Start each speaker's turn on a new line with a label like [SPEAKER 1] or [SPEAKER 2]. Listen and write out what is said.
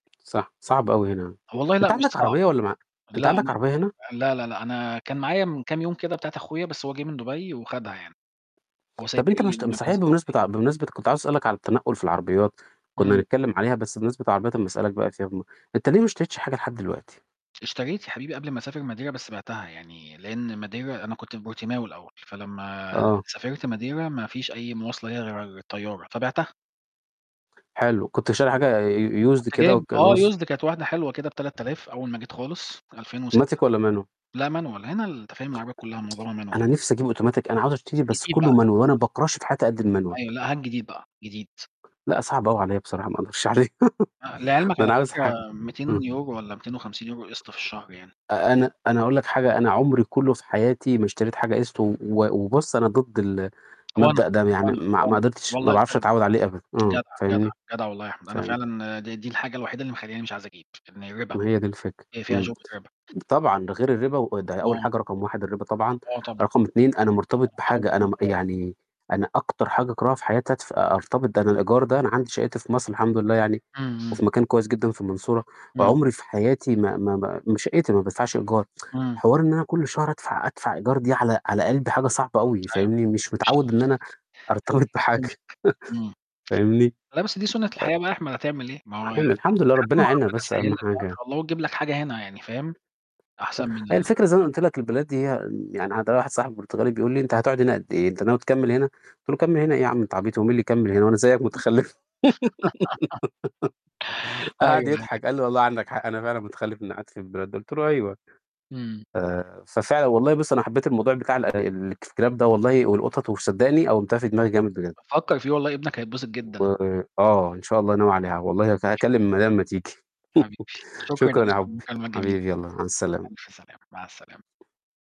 [SPEAKER 1] صح، صعب أوي هنا.
[SPEAKER 2] هو والله
[SPEAKER 1] أنت
[SPEAKER 2] لأ مش
[SPEAKER 1] عندك
[SPEAKER 2] صعب،
[SPEAKER 1] عربية والّا ما ع أنت
[SPEAKER 2] لا،
[SPEAKER 1] عندك
[SPEAKER 2] لأ،
[SPEAKER 1] عربية هنا؟
[SPEAKER 2] لا، لا، لا أنا كان معايا من كام يوم كده بتاعة أخويا، بس هو جِه من دُبَي وخدها يعني، هو
[SPEAKER 1] طَب
[SPEAKER 2] سايبها
[SPEAKER 1] أنت ما
[SPEAKER 2] لي
[SPEAKER 1] اشت
[SPEAKER 2] لمّا
[SPEAKER 1] صحيح
[SPEAKER 2] بينزل دُبَي.
[SPEAKER 1] بمناسبة ع بمناسبة كنت عايز أسألك عن التنقُّل في العربيات، كُنّا
[SPEAKER 2] إمم.
[SPEAKER 1] هنتكلِّم عليها بس بمانسبة العربيات أمّا أسألك بقى فيها بالمره، أنت ليه ما اشتريتش حاجة لحد دلوقتي؟
[SPEAKER 2] اشتريت يا حبيبي قبل ما أسافر Madeira، بس بعتها يعني لإن Madeira أنا كنت في بورتيماو الأول، فلمّا
[SPEAKER 1] آه.
[SPEAKER 2] سافرت Madeira ما فيش أي مواصلة ليها غير الطيارة، فبِعتها.
[SPEAKER 1] حلو، كنت شاري حاجة ي Used
[SPEAKER 2] كنت
[SPEAKER 1] كده
[SPEAKER 2] جايب آه
[SPEAKER 1] والكالوس
[SPEAKER 2] Used، كانت واحدة حلوة كده ب3000 أول ما جيت خالص في 2006،
[SPEAKER 1] Automatic والّا Manual؟
[SPEAKER 2] لأ Manual، هنا ال أنت فاهم العربيات كُلّها معظمها Manual
[SPEAKER 1] أنا
[SPEAKER 2] يع
[SPEAKER 1] نِفْسي أجيب Automatic، أنا عاوز أشتري، بس
[SPEAKER 2] جديد بقى،
[SPEAKER 1] كُلّه Manual
[SPEAKER 2] جديد.
[SPEAKER 1] وأنا ما باكرهش في حياتى قد
[SPEAKER 2] أيوه،
[SPEAKER 1] الManual.
[SPEAKER 2] لأ هات جديد بقى، جديد.
[SPEAKER 1] لأ، صعب أوي عليّا بصراحة، ما أقدرش عليه،
[SPEAKER 2] آآ لعلمك
[SPEAKER 1] ده
[SPEAKER 2] على
[SPEAKER 1] أنا عاوز ح
[SPEAKER 2] فكرة
[SPEAKER 1] إمم.
[SPEAKER 2] 200€ والّا 250€ قِسْط في الشهر يعني.
[SPEAKER 1] أ أنا أنا هاقول لك حاجة، أنا عُمري كُلّه في حياتي ما اشتريت حاجة قِسْط، و و وبُص أنا ضد ال
[SPEAKER 2] وأنا،
[SPEAKER 1] المبدأ ده، يعني
[SPEAKER 2] وأنا،
[SPEAKER 1] ما ما
[SPEAKER 2] وأنا.
[SPEAKER 1] قدرتش، ما
[SPEAKER 2] والله
[SPEAKER 1] باعرفش
[SPEAKER 2] جدع،
[SPEAKER 1] أتعوِّد عليه أبدًا، امم،
[SPEAKER 2] جدع، جدع،
[SPEAKER 1] فاهمني،
[SPEAKER 2] جدع والله يا أحمد، أنا
[SPEAKER 1] فاهم؟
[SPEAKER 2] فعلًا د دي الحاجة الوحيدة اللي مخلّياني مش عايز أجيب إن الرِبا،
[SPEAKER 1] ما هي دي الفكرة،
[SPEAKER 2] هي فيها
[SPEAKER 1] إمم.
[SPEAKER 2] شُبهة رِبا.
[SPEAKER 1] طبعًا، ده غير الرِبا وده أول
[SPEAKER 2] آه.
[SPEAKER 1] حاجة رقم 1 الرِبا طبعًا،
[SPEAKER 2] آه طبعًا،
[SPEAKER 1] رقم 2 أنا مرتبط
[SPEAKER 2] لأ الحمد
[SPEAKER 1] بحاجة أنا م
[SPEAKER 2] لله.
[SPEAKER 1] يعني أنا أكتر حاجة أكرهها في حياتي أدف أرتبط، ده أنا الإيجار ده أنا عندي شَقّتي في مصر، الحمد لله يعني
[SPEAKER 2] إمم، إمم.
[SPEAKER 1] وفي مكان كويس جدًا في المنصورة،
[SPEAKER 2] إمم.
[SPEAKER 1] عُمري في حياتي ما ما ما شَقّتي ما بادفعش إيجار.
[SPEAKER 2] إمم.
[SPEAKER 1] حوار إن أنا كل شهر أدفع أدفع إيجار دي على على قلبي حاجة صعبة أوي
[SPEAKER 2] أيوه،
[SPEAKER 1] فاهمني،
[SPEAKER 2] ده
[SPEAKER 1] مش
[SPEAKER 2] مش
[SPEAKER 1] متعوِّد إن أنا أرتبط بحاجة
[SPEAKER 2] [unintelligible] امم
[SPEAKER 1] فاهمني،
[SPEAKER 2] لأ، بس دي سُنّة
[SPEAKER 1] أ
[SPEAKER 2] الحياة بقى يا أحمد هتعمل إيه، ما هو
[SPEAKER 1] [unintelligible]
[SPEAKER 2] لحد
[SPEAKER 1] الحمد لله ربِّنا
[SPEAKER 2] ما
[SPEAKER 1] يعيننا
[SPEAKER 2] ربِّنا
[SPEAKER 1] بس
[SPEAKER 2] يسهّل
[SPEAKER 1] أهَم
[SPEAKER 2] لك بقى إن
[SPEAKER 1] حاجة.
[SPEAKER 2] شاء الله وتجيب لك حاجة هنا يعني فاهم،
[SPEAKER 1] سك
[SPEAKER 2] أحسن من
[SPEAKER 1] هي
[SPEAKER 2] ال
[SPEAKER 1] الفكرة زي ما أنا قُلت لك البلاد ديّا يعني عندنا واحد صاحبي برتغالي بيقول لي: "أنت هتقعُد هنا قد إيه، أنت ناوي تكمِّل هنا؟" قُلت له: "أكمِّل هنا إيه يا عم أنت عبيط، هو مين اللي يكمِّل هنا، هو أنا زيّك مُتخلِّف."
[SPEAKER 2] أيوه،
[SPEAKER 1] قعد
[SPEAKER 2] أيوه.
[SPEAKER 1] يضحك، قال لي: "والله عندك حق أنا فعلًا متخلف، إنّي قعدت في البلد دي." قُلت له: "أيوه."
[SPEAKER 2] إمم.
[SPEAKER 1] آآ ففعلًا والله بُص، أنا حبّيت الموضوع بتاع ال-الكلاب ده والله والقطط وصدّقني قوِّمتها في دماغي جامد بجد.
[SPEAKER 2] فكَّر فيه، والله ابنك هيتبسط
[SPEAKER 1] و
[SPEAKER 2] جدًا.
[SPEAKER 1] آه، إن شاء الله ناوي عليها، والله هك
[SPEAKER 2] إن شاء
[SPEAKER 1] هاكلِّم
[SPEAKER 2] الله
[SPEAKER 1] المدام أمّا تيجي
[SPEAKER 2] حبيبي، شكرًا يا
[SPEAKER 1] شكرًا يا
[SPEAKER 2] باشا على
[SPEAKER 1] حُبي،
[SPEAKER 2] المكالمة الجميلة،
[SPEAKER 1] حبيبي يالّا مع السلامة.
[SPEAKER 2] ألف سلامة، مع السلامة.